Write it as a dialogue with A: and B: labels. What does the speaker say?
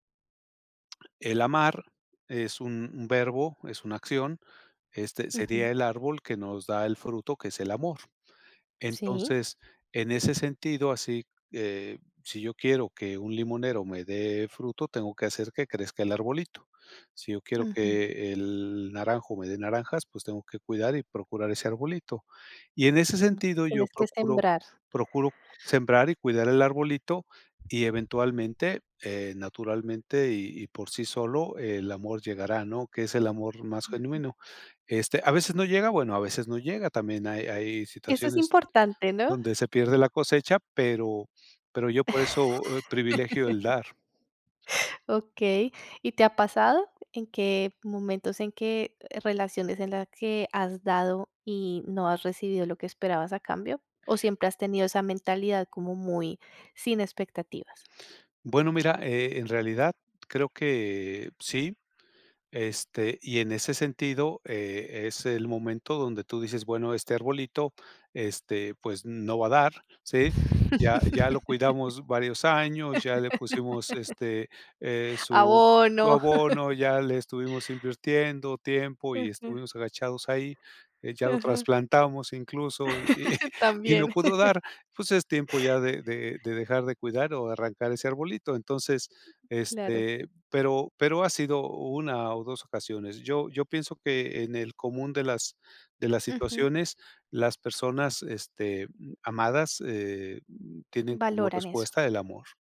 A: El amar es un un verbo, es una acción. Este, sería
B: Ujú.
A: el árbol que nos da el fruto que es el amor.
B: Sí.
A: Entonces, en ese sentido así, eh, si yo quiero que un limonero me dé fruto, tengo que hacer que crezca el arbolito. Si yo quiero
B: Ujú.
A: que el naranjo me dé naranjas, pues, tengo que cuidar y procurar ese arbolito. Y en ese
B: Mm, que
A: sentido, yo
B: tienes que
A: procuro
B: sembrar.
A: procuro sembrar y cuidar el arbolito, y eventualmente, eh, naturalmente, y y por sí solo, el amor llegará, ¿no?, que es el amor más
B: Ujú.
A: genuino. Este, a veces no llega, bueno a veces no llega. También hay hay
B: Eso es
A: situaciones
B: importante, ¿no?
A: donde se pierde la cosecha pero pero yo por eso, eh, privilegio el dar.
B: Okey. ¿Y te ha pasado? ¿En qué momentos, en qué relaciones en las que has dado y no has recibido lo que esperabas a cambio? ¿O siempre has tenido esa mentalidad como muy sin expectativas?
A: Bueno, mira, eh, en realidad creo que sí. Este, y en ese sentido, eh, es el momento donde tú dices: "Bueno, este arbolito, este, pues, no va a dar, ¿sí? Ya ya lo cuidamos varios años, ya le pusimos, este, eh, su
B: Abono.
A: su abono, ya le estuvimos invirtiendo tiempo y
B: Ujú.
A: estuvimos agachados ahí, eh, ya lo
B: Ujú.
A: trasplantamos incluso y y no
B: También.
A: pudo dar". Pues, es tiempo ya de de de dejar de cuidar o de arrancar ese arbolito. Entonces,
B: Claro.
A: este, pero pero ha sido 1 o 2 ocasiones. Yo yo pienso que en el común de las de las
B: Ujú.
A: situaciones, las personas, este, amadas, eh, tienen como
B: Valoran eso.
A: respuesta el amor.